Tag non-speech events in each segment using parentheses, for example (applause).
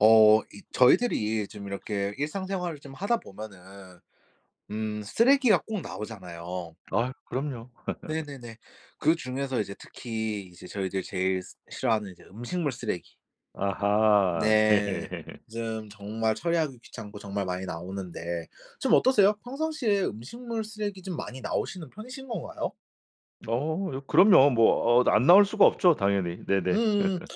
어 이 저희들이 좀 이렇게 일상생활을 좀 하다 보면은 음 쓰레기가 꼭 나오잖아요. 아 그럼요. (laughs) 네네네. 그중에서 이제 특히 이제 저희들이 제일 스 싫어하는 이제 음식물 쓰레기. 아하 네. 네. (laughs) 좀 정말 처리하기 귀찮고 정말 많이 나오는데 좀 어떠세요? 평상시에 음식물 쓰레기 좀 많이 나오시는 편이신 건가요? 어 요 그럼요. 뭐 어 안 나올 수가 없죠 당연히 네네. 음음. (laughs)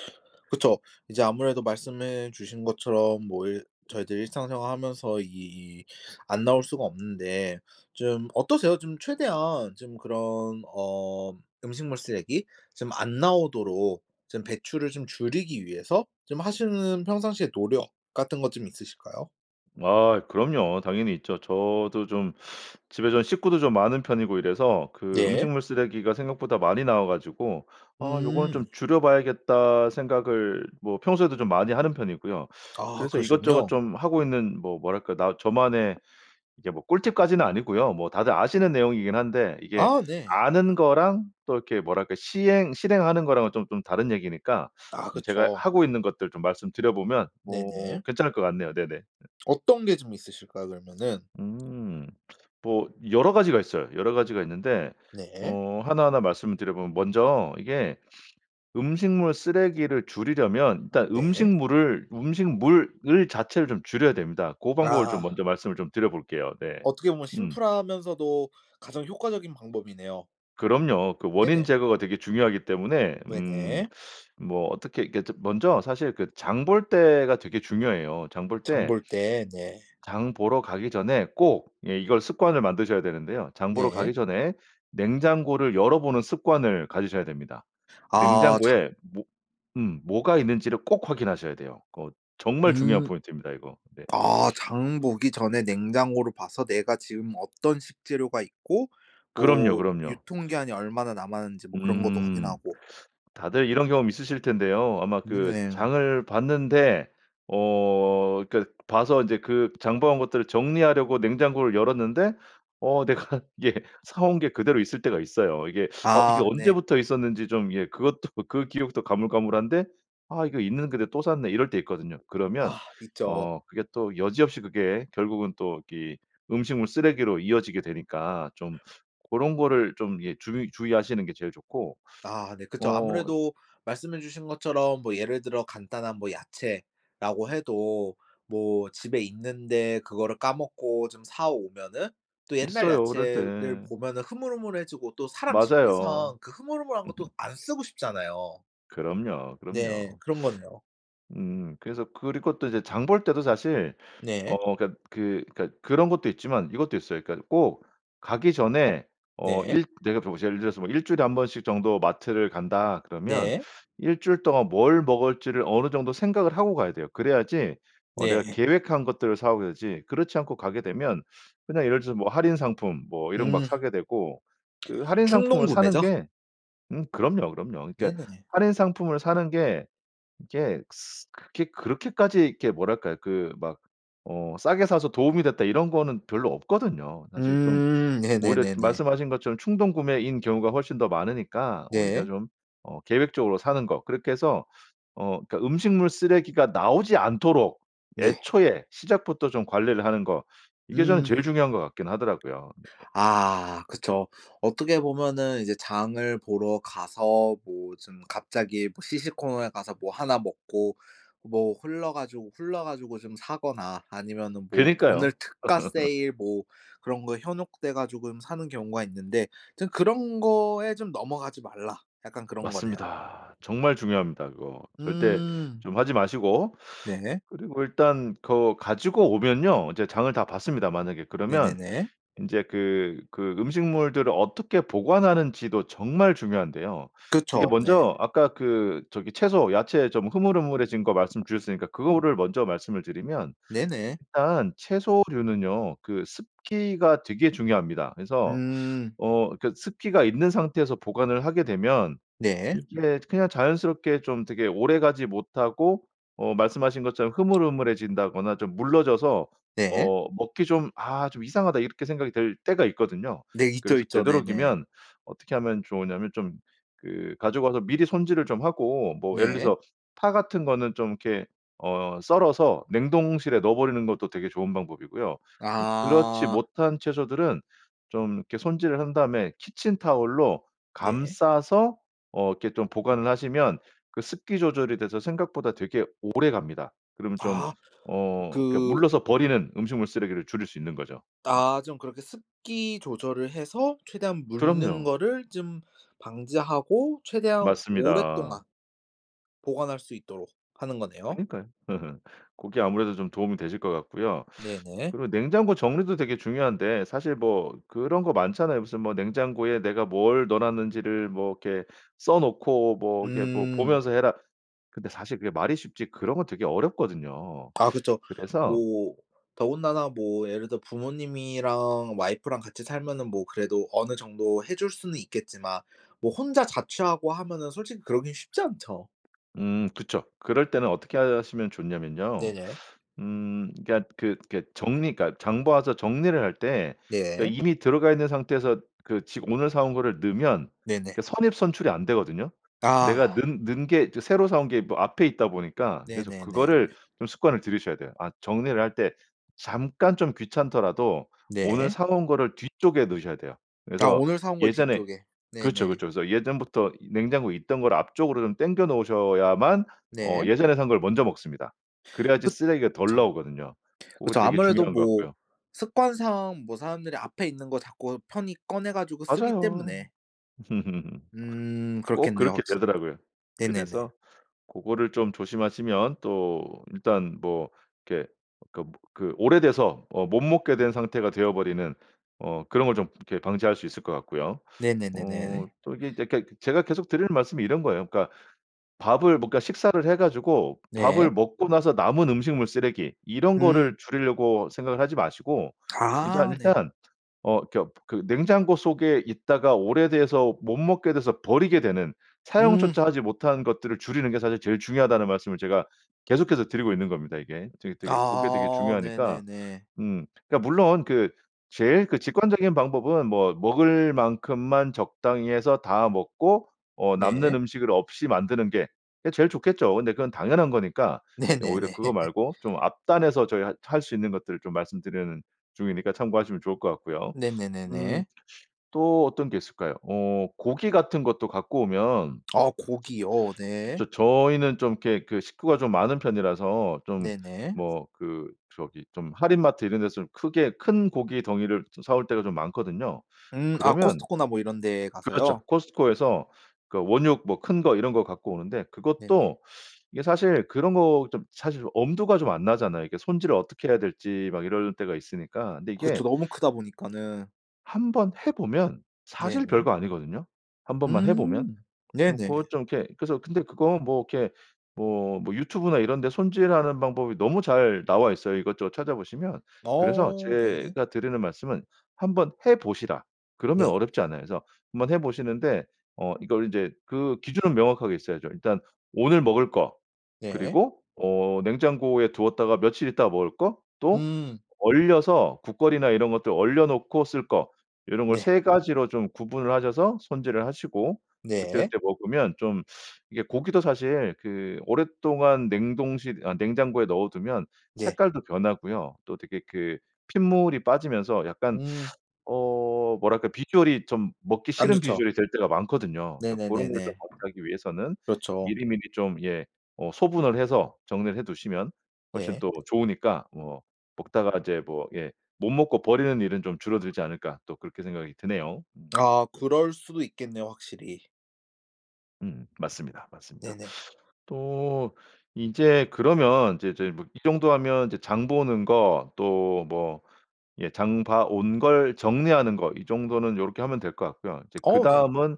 그쵸. 이제 아무래도 말씀해 주신 것처럼 뭐 일 저희들 일상생활 하면서 이 안 나올 수가 없는데 좀 어떠세요? 좀 최대한 좀 그런 어 음식물 쓰레기 좀 안 나오도록 좀 배출을 좀 줄이기 위해서 좀 하시는 평상시에 노력 같은 것 좀 있으실까요? 아 그럼요. 당연히 있죠. 저도 좀 집에 좀 식구도 좀 많은 편이고 이래서 그 예. 음식물 쓰레기가 생각보다 많이 나와 가지고 '아 요거는 좀 음. 줄여 봐야겠다.' 생각을 뭐 평소에도 좀 많이 하는 편이고요. (sucks teeth) 아 그래서 이것저것 그러시군요. 좀 하고 있는 뭐 뭐랄까 나 저만의 이게 뭐 꿀팁까지는 아니고요. 뭐 다들 아시는 내용이긴 한데 이게 아 네. 아는 거랑 또 이렇게 뭐랄까 시행 실행하는 거랑은 좀 좀 다른 얘기니까 아 제가 그쵸. 하고 있는 것들 좀 말씀드려 보면 뭐 네네. 괜찮을 것 같네요. 네네. (laughs) 어떤 게 좀 있으실까요? 그러면은? 음. 뭐 여러 가지가 있어요. 여러 가지가 있는데 네. 어 하나하나 말씀을 드려 보면 먼저 이게 음식물 쓰레기를 줄이려면 일단 네. 음식물을, 음식물을 자체를 좀 줄여야 됩니다. 고 방법을 좀 아. 먼저 말씀을 좀 드려볼게요. 네. 어떻게 보면 음. 심플하면서도 가장 효과적인 방법이네요. 그럼요. 그 원인 네네. 제거가 되게 중요하기 때문에 왜 음 네? 뭐 어떻게 이렇게 먼저 사실 그 장 볼 때가 되게 중요해요. 장 볼 장 때 볼 때. 네. 장 보러 가기 전에 꼭 예 이걸 습관을 만드셔야 되는데요. 장 보러 네. 가기 전에 냉장고를 열어보는 습관을 가지셔야 됩니다. 아 장 냉장고에 뭐 음 뭐가 있는지를 꼭 확인하셔야 돼요. 그 정말 중요한 음. 포인트입니다 이거 네. 아 장 보기 전에 냉장고를 봐서 내가 지금 어떤 식재료가 있고 그럼요 뭐 그럼요. 유통기한이 얼마나 남았는지 뭐 그런 것도 음. 확인하고. 다들 이런 경험 있으실 텐데요. 아마 음 그 네. 장을 봤는데 어 그러니까 봐서 이제 그 장 봐 온 것들을 정리하려고 냉장고를 열었는데 어 내가 이게 사 온 게 그대로 있을 때가 있어요. 이게 어 이게 아 네. 언제부터 있었는지 좀 예 그것도 그 기억도 가물가물한데 '아 이거 있는 근데 또 샀네.' 이럴 때 있거든요. 그러면 아 있죠. 어 그게 또 여지없이 그게 결국은 또 이 음식물 쓰레기로 이어지게 되니까 좀 고런 거를 좀 예 주의 주의하시는 게 제일 좋고 아 네. 그쵸. 어 아무래도 말씀해 주신 것처럼 뭐 예를 들어 간단한 뭐 야채라고 해도 뭐 집에 있는데 그거를 까먹고 좀 사 오면은 또 옛날 있어요 그럴 야채를 때. 보면은 흐물흐물해지고 또 사람 맞아요. 심리상 그 흐물흐물한 거 또 (laughs) 안 쓰고 싶잖아요. 그럼요 네 그럼요. 그런 거네요. 음 그래서 그리고 또 이제 장 볼 때도 사실 네. 어 그러니까 그 그러니까 그런 것도 있지만 이것도 있어요. 그러니까 꼭 가기 전에 어 네. 일 내가 보실 예를 들어서 뭐 1 주일에 1 번씩 정도 마트를 간다 그러면 네. 1 주일 동안 뭘 먹을지를 어느 정도 생각을 하고 가야 돼요. 그래야지 어 내가 네. 계획한 것들을 사 오게 되지. 그렇지 않고 가게 되면 그냥 예를 들어서 뭐 할인 상품 뭐 이런 거 막 음. 사게 되고 그 할인 상품을 사는 충동구매죠. 게 음 그럼요 그럼요. 그러니까 네네네. 할인 상품을 사는 게 이게 스 그렇게 그렇게까지 이렇게 뭐랄까요 그 막 어 '싸게 사서 도움이 됐다.' 이런 거는 별로 없거든요. 사실 좀 음 오히려 네네네네. 말씀하신 것처럼 충동구매인 경우가 훨씬 더 많으니까 오히려 네. 좀 어 계획적으로 사는 거 그렇게 해서 어 그니까 음식물 쓰레기가 나오지 않도록 네. 애초에 시작부터 좀 관리를 하는 거. 이게 저는 음. 제일 중요한 것 같긴 하더라고요. 네. 아 그쵸. 어떻게 보면은 이제 장을 보러 가서 뭐 좀 갑자기 뭐 시식코너에 가서 뭐 1 먹고 뭐 홀라 가지고 홀려 가지고 좀 사거나 아니면은 뭐 오늘 그니까요. 특가 (laughs) 세일 뭐 그런 거에 현혹돼 가지고 음 사는 경우가 있는데 좀 "그런 거에 좀 넘어가지 말라." 약간 그런 거네요. 맞습니다. 정말 중요합니다 그거. 절대 응. 좀 하지 마시고. 네. 그리고 일단 거 가지고 오면요 이제 장을 다 봤습니다 만약에. 그러면 네네네. 인제 그 그 음식물들을 어떻게 보관하는지도 정말 중요한데요. 이게 그쵸. 네. 먼저 아까 그 저기 채소, 야채 좀 흐물흐물해진 거 말씀주셨으니까 으. 그거를 먼저 말씀을 드리면 네네. 일단 채소류는요 그 습기가 되게 중요합니다. 그래서 음. 어 그 습기가 있는 상태에서 보관을 하게 되면 네. 이게 그냥 자연스럽게 좀 되게 오래가지 못하고 어 말씀하신 것처럼 흐물흐물해진다거나 좀 물러져서 네. 어 먹기 좀 '아 좀 이상하다.' 이렇게 생각이 들 때가 있거든요. 네 있죠 그래서 있죠. 네네. 되도록이면 어떻게 하면 좋으냐면 좀 그 가져와서 미리 손질을 좀 하고 뭐 예를 네. 들어서 파 같은 거는 좀 이렇게 어 썰어서 냉동실에 넣어 버리는 것도 되게 좋은 방법이고요. 좀 그렇지 아. 못한 채소들은 좀 이렇게 손질을 한 다음에 키친타월로 네. 감싸서 어 이렇게 좀 보관을 하시면 그 습기 조절이 돼서 생각보다 되게 오래갑니다. 그러면 좀 아. 어 이렇게 그 물러서 버리는 음식물 쓰레기를 줄일 수 있는 거죠. 아 좀 그렇게 습기 조절을 해서 최대한 묽는 그럼요. 거를 좀 방지하고 최대한 맞습니다. 오랫동안 보관할 수 있도록 하는 거네요. 그니까요. 으흠. 고게 아무래도 좀 도움이 되실 것 같고요. 네네. 그리고 냉장고 정리도 되게 중요한데 사실 뭐 그런 거 많잖아요. 무슨 뭐 "냉장고에 내가 뭘 넣어 놨는지를 뭐 이렇게 써 놓고 뭐 이렇게 뭐 음. 보면서 해라." 근데 사실 그게 말이 쉽지 그런 거 되게 어렵거든요. 아 그쵸. 그래서 뭐 더군다나 뭐 예를 들어 부모님이랑 와이프랑 같이 살면은 뭐 그래도 어느 정도 해 줄 수는 있겠지만 뭐 혼자 자취하고 하면은 솔직히 그러긴 쉽지 않죠. 음 그쵸. 그럴 때는 어떻게 하시면 좋냐면요. 네네. 음 그러니까 그 그러니까 정리 그러니까 장 봐서 정리를 할 때 그 네. 이미 들어가 있는 상태에서 그 지 오늘 사 온 거를 넣으면 네네. 그 선입선출이 안 되거든요. 내가 넣 아. 넣은 게 새로 사 온 게 뭐 앞에 있다 보니까 그래서 그거를 네네네네. 좀 습관을 들이셔야 돼요. 아 정리를 할 때 잠깐 좀 귀찮더라도 오늘 네. 사 온 거를 뒤쪽에 넣으셔야 돼요. 아 그래서 오늘 사 온 걸 예전에 뒤쪽에. 그렇죠 네네. 그렇죠. 그래서 예전부터 이 냉장고에 있던 걸 앞쪽으로 좀 당겨 놓으셔야만 어 네. 예전에 산 걸 먼저 먹습니다. 그래야지 쓰레기가 덜 그쵸. 나오거든요. 고거 그쵸. 되게 아무래도 중요한 것 뭐 같고요. 습관상 뭐 사람들이 앞에 있는 거 자꾸 편히 꺼내 가지고 쓰기 맞아요. 때문에. (laughs) 음 꼭 그렇겠네요 그렇게 확실히. 되더라고요. 네네네. 그래서 고거를 좀 조심하시면 또 일단 뭐 이렇게 그러니까 그 오래돼서 어 못 먹게 된 상태가 되어 버리는 어 그런 걸 좀 이렇게 방지할 수 있을 것 같고요. 어 네네네네. 또 이게 이제 그러니까 제가 계속 드리는 말씀은 이런 거예요. 그러니까 밥을 뭐 그러니까 식사를 해 가지고 네. 밥을 먹고 나서 남은 음식물 쓰레기 이런 거를 음. 줄이려고 생각을 하지 마시고 이제 아 아 네. 일단 어 그러니까 그 냉장고 속에 있다가 오래돼서 못 먹게 돼서 버리게 되는 음. 사용조차 하지 못한 것들을 줄이는 게 사실 제일 중요하다는 말씀을 제가 계속해서 드리고 있는 겁니다 이게. 되게 되게 고게 되게 아 중요하니까. 네네네. 음 그러니까 물론 그 제일 그 직관적인 방법은 뭐 먹을 만큼만 적당히 해서 다 먹고 어 남는 네. 음식을 없이 만드는 게 그게 제일 좋겠죠. 근데 그건 당연한 거니까 오히려 네네네. 그거 (laughs) 말고 좀 앞단에서 저희 할 할 수 있는 것들 좀 말씀드리는 중이니까 참고하시면 좋을 것 같고요. 음 네네네네. 또 어떤 게 있을까요? 어 고기 같은 것도 갖고 오면 아 고기. 어. 네. 저 저희는 좀 이렇게 그 식구가 좀 많은 편이라서 좀 네네. 뭐 그 저기 좀 할인마트 이런 데서 크게 큰 고기 덩이를 저 사 올 때가 좀 많거든요. 음. 아 그러면 코스트코나 뭐 이런 데 가서요? 그렇죠 코스트코에서 그러니까 원육 뭐 큰 거 이런 거 갖고 오는데 네네. 그것도 이게 사실 그런 거 좀 사실 엄두가 좀 안 나잖아요. 이게 손질을 어떻게 해야 될지 막 이럴 때가 있으니까. 근데 그쵸. 이게 너무 크다 보니까는 한번 해 보면 사실 네네. 별거 아니거든요. 1 번만 해 보면. 음. 뭐 네네. 그것 좀 이렇게 그래서 근데 그거 뭐 이렇게 뭐 뭐 유튜브나 이런 데 손질하는 방법이 너무 잘 나와 있어요, 이것저것 찾아보시면. 그래서 어. 네. 제가 드리는 말씀은 "한번 해 보시라." 그러면 네. 어렵지 않아요. 그래서 한번 해 보시는데 어 이걸 인제 그 기준은 명확하게 있어야죠. 일단 오늘 먹을 거, 네. 그리고 어 냉장고에 두었다가 며칠 있다가 먹을 거, 또 음. 얼려서 국거리나 이런 것들 얼려 놓고 쓸 거, 요런 걸 네. 3 가지로 좀 구분을 하셔서 손질을 하시고 그때 네. 그때 먹으면 좀 (sucks teeth) 이게 고기도 사실 그 오랫동안 냉동실 아 냉장고에 넣어두면 예. 색깔도 변하고요. 또 되게 그 핏물이 빠지면서 약간 음. (sucks teeth) 어 뭐랄까 비주얼이 좀 먹기 안 싫은 좋죠. 비주얼이 될 때가 많거든요. 그러니까 그런 걸 좀 네네네네. 방지하기 위해서는 그렇죠. 미리미리 좀 예 어 소분을 해서 정리를 해 두시면 훨씬 네. 또 좋으니까 뭐 먹다가 이제 뭐 예 '못 먹고 버리는 일은 좀 줄어들지 않을까.' 또 그렇게 생각이 드네요. 음. 아 그럴 수도 있겠네요, 확실히. 음. 맞습니다, 맞습니다. 네네. (sucks teeth) 또 이제 그러면 이제 이제 뭐 이 정도 하면 이제 장보는 거, 또 뭐 예 장봐 온 걸 정리하는 거, 이 정도는 요렇게 하면 될 것 같고요. 이제 (smacks lips) 어 네. 그다음은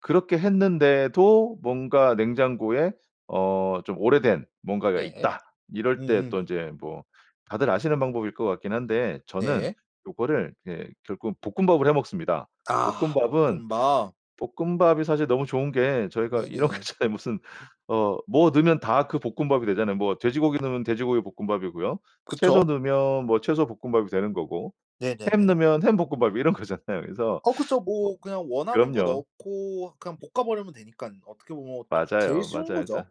그렇게 했는데도 뭔가 냉장고에 어 좀 오래된 뭔가가 네. 있다. 이럴 때 음음. 또 인제 뭐 다들 아시는 방법일 것 같긴 한데, 저는 네. 요거를 예 결국 볶음밥을 해 먹습니다. 아. 볶음밥은 볶음밥? 볶음밥이 사실 너무 좋은 게 저희가 이렇게 네네. 저 무슨 어 뭐 넣으면 다 그 볶음밥이 되잖아요. 뭐 돼지고기 넣으면 돼지고기 볶음밥이고요. 채소 그쵸. 넣으면 뭐 채소 볶음밥이 되는 거고. 햄 네네네. 넣으면 햄 볶음밥 이런 거잖아요. 그래서 어 그쵸 (sucks teeth) 뭐 뭐 그냥 원하는 거 그럼요. 넣고 그냥 볶아 버리면 되니깐 어떻게 보면 제일 맞아요. 맞아요. 쉬운 그래서 거죠.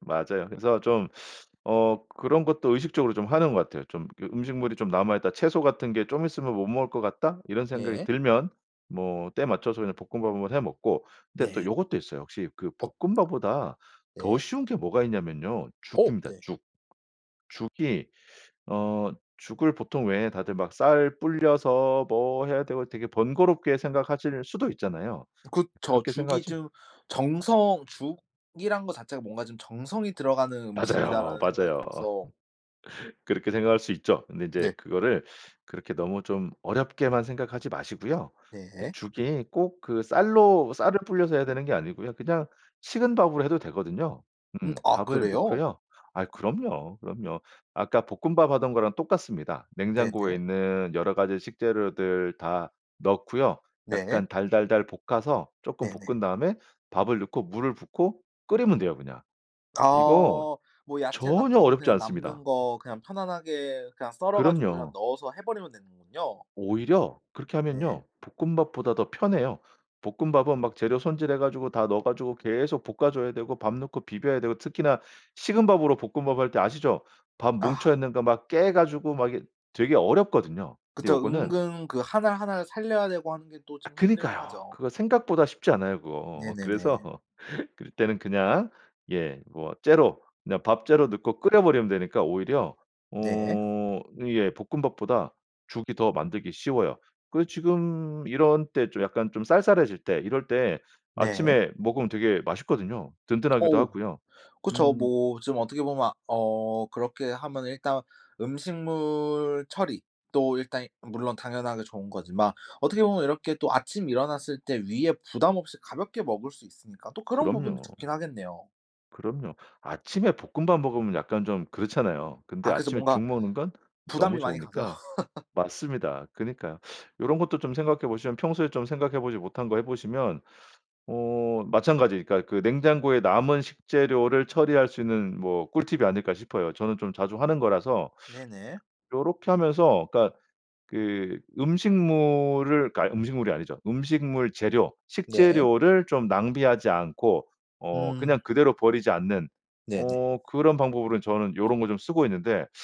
맞아요. 그래서 좀 (sucks teeth) 어 그런 것도 의식적으로 좀 하는 것 같아요. 좀 그 '음식물이 좀 남아 있다. 채소 같은 게 좀 있으면 못 먹을 것 같다.' 이런 생각이 네. 들면 뭐 때맞춰서 그냥 볶음밥으로 해 먹고. 근데 또 네. 요것도 있어요. 역시 그 엇 볶음밥보다 더 네. 쉬운 게 뭐가 있냐면요. 어 죽입니다, 네. 죽. 죽이 어 죽을 보통 왜 다들 막 쌀 불려서 뭐 해야 되고 되게 번거롭게 생각하실 수도 있잖아요. 그쵸. 그렇게 죽이 생각하실 좀 정성 죽이란 거 자체가 뭔가 좀 '정성이 들어가는 맞아요. 음식이다.'라는 생각이 맞아요. 들어서 (laughs) 그렇게 생각할 수 있죠. 근데 이제 네. 그거를 (sucks teeth) 그렇게 너무 좀 어렵게만 생각하지 마시고요. 그 네. 죽이 꼭 그 쌀로 쌀을 불려서 해야 되는 게 아니고요. 그냥 식은 밥으로 해도 되거든요. 음 음 아 밥을 그래요? 넣고요. 아 그럼요. 그럼요. 아까 볶음밥 하던 거랑 똑같습니다. 냉장고에 네네. 있는 여러 가지 식재료들 다 넣고요. 네. 약간 달달달 볶아서 조금 네네. 볶은 다음에 밥을 넣고 물을 붓고 끓이면 돼요, 그냥. 이거 아. 뭐 야채 전혀 같은 거 어렵지 그냥 남는 않습니다. 거 그냥 편안하게 그냥 썰어 가지고 그냥 그럼요. 넣어서 해 버리면 되는군요. 오히려 그렇게 네. 하면요. 볶음밥보다 더 편해요. 볶음밥은 막 재료 손질해 가지고 다 넣어 가지고 계속 볶아 줘야 되고 밥 넣고 비벼야 되고 특히나 식은 밥으로 볶음밥 할 때 아시죠? 밥 뭉쳐 아. 있는 거 막 깨 가지고 막 이게 되게 어렵거든요. 근데 그쵸. 요거는 은근 그 1 알 1 알 살려야 되고 하는 게 또 아 좀 힘들고 그니까요. 하죠. 그거 생각보다 쉽지 않아요, 그거. 그래서 네네네. (laughs) 그때는 그냥 예 뭐 째로 그냥 밥째로 넣고 끓여 버리면 되니까 오히려 네. 어 이게 볶음밥보다 죽이 더 만들기 쉬워요. 그 지금 이런 때 좀 약간 좀 쌀쌀해질 때 이럴 때 네. 아침에 먹으면 되게 맛있거든요. 든든하기도 어우 하고요. 그쵸. 음. 뭐 좀 어떻게 보면 어 그렇게 하면은 일단 음식물 처리도 일단 물론 당연하게 좋은 거지만 어떻게 보면 이렇게 또 아침에 일어났을 때 위에 부담 없이 가볍게 먹을 수 있으니까 또 그런 부분도 그럼요. 좋긴 하겠네요. 그럼요. 아침에 볶음밥 먹으면 약간 좀 그렇잖아요. 근데 아 그쵸. 아침에 뭔가 죽 먹는 건 부담이 너무 많이 가죠. 좋으니까 (laughs) 맞습니다. 그니까요. 요런 것도 좀 생각해 보시면 평소에 좀 생각해 보지 못한 거 해 보시면 어 마찬가지 그러니까 그 냉장고에 남은 식재료를 처리할 수 있는 뭐 꿀팁이 아닐까 싶어요. 저는 좀 자주 하는 거라서. 네네. 요렇게 하면서 그러니까 그 음식물을 그러니까 음식물이 아니죠. 음식물 재료, 네. 식재료를 좀 낭비하지 않고 어 음. 그냥 그대로 버리지 않는 네네. 어 그런 방법으로는 저는 요런 거 좀 쓰고 있는데 (sucks teeth)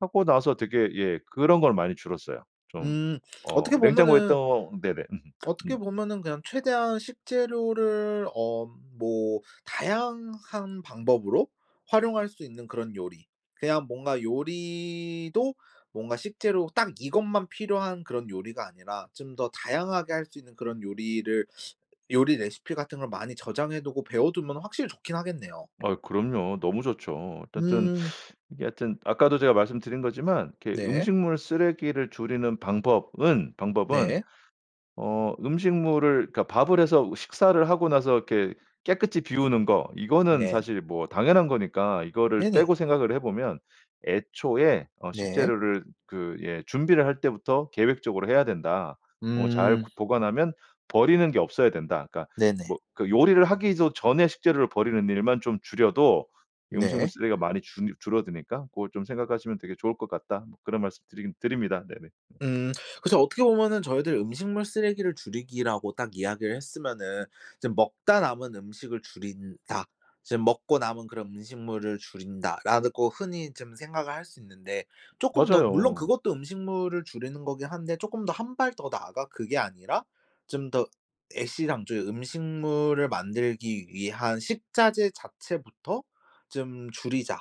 하고 나서 되게 예 그런 건 많이 줄었어요. 좀 음. 어 어떻게 냉장고에 보면은 있던 네네. 음음. 어떻게 음. 보면은 그냥 최대한 식재료를 엄 뭐 다양한 방법으로 활용할 수 있는 그런 요리. 그냥 뭔가 요리도 뭔가 식재료 딱 이것만 필요한 그런 요리가 아니라 좀 더 다양하게 할 수 있는 그런 요리를 요리 레시피 같은 걸 많이 저장해 두고 배워두면은 확실히 좋긴 하겠네요. 아우 그럼요. 너무 좋죠. 어쨌든 음. (sucks teeth) 이게 하여튼 아까도 제가 말씀드린 거지만 이렇게 네. 음식물 쓰레기를 줄이는 방법은, 방법은 네. 어 음식물을 그러니까 밥을 해서 식사를 하고 나서 이렇게 깨끗이 비우는 거 이거는 네 사실 뭐 당연한 거니까 이거를 네네. 빼고 생각을 해 보면 애초에 어 네. 식재료를 그 예 "준비를 할 때부터 계획적으로 해야 된다. 뭐 잘 그 음. 보관하면 버리는 게 없어야 된다. 그러니까 네네. 뭐 그 요리를 하기도 전에 식재료를 버리는 일만 좀 줄여도 음식물 네. 쓰레기가 많이 줄 줄어드니까 고걸 좀 생각하시면 되게 좋을 것 같다." 뭐 그런 말씀드리긴 드립니다. 네네. 음. 그래서 어떻게 보면은 저희들 음식물 쓰레기를 줄이기라고 딱 이야기를 했으면은 이제 '먹다 남은 음식을 줄인다. 지금 먹고 남은 그런 음식물을 줄인다.'라르고 흔히 좀 생각을 할 수 있는데 쪼끔 더 물론 맞아요. 그것도 음식물을 줄이는 거긴 한데 쪼끔 더 1 발 더 나아가 그게 아니라 좀 더 '애시당초 음식물을 만들기 위한 식자재 자체부터 좀 줄이자.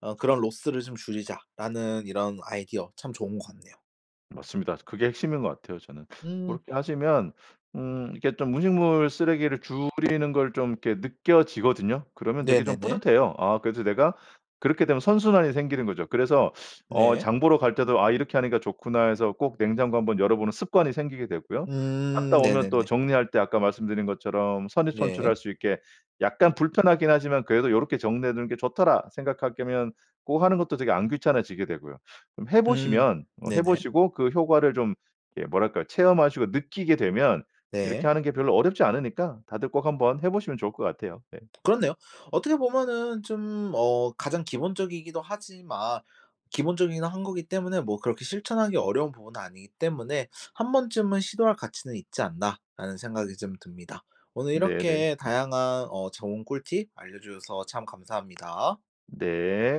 어 그런 로스를 좀 줄이자.'라는 이런 아이디어 참 좋은 것 같네요. 맞습니다. 그게 핵심인 것 같아요, 저는. (sucks teeth) 음. 고렇게 하시면 음 이게 좀 음식물 쓰레기를 줄이는 걸 좀 이렇게 느껴지거든요. 그러면 되게 좀 네네네. 뿌듯해요. 아 그래도 내가 그렇게 되면 선순환이 생기는 거죠. 그래서 (sucks teeth) 어 네. 장 보러 갈 때도 '아 이렇게 하니까 좋구나.' 해서 꼭 냉장고 한번 열어보는 습관이 생기게 되고요. 갔다 음 오면 또 네네네. 정리할 때 아까 말씀드린 것처럼 선입선출할 네. 수 있게 약간 불편하긴 하지만 그래도 '요렇게 정리해 두는 게 좋더라.' 생각할 거면 고거 하는 것도 되게 안 귀찮아지게 되고요. 좀 해 음. 보시면 어 해 네네. 보시고 그 효과를 좀 이렇게 뭐랄까. 체험하시고 느끼게 되면 네. 이렇게 하는 게 별로 어렵지 않으니까 다들 꼭 한번 해 보시면 좋을 것 같아요. 예. 그렇네요. 어떻게 보면은 좀 어 가장 기본적이기도 하지만 기본적이기는 한 거기 때문에 뭐 그렇게 실천하기 어려운 부분은 아니기 때문에 (sucks teeth) '1 번쯤은 시도할 가치는 있지 않나.'라는 생각이 좀 듭니다. 오늘 네네. 이렇게 (laughs) 다양한 어 좋은 꿀팁 알려 주셔서 참 감사합니다. 네.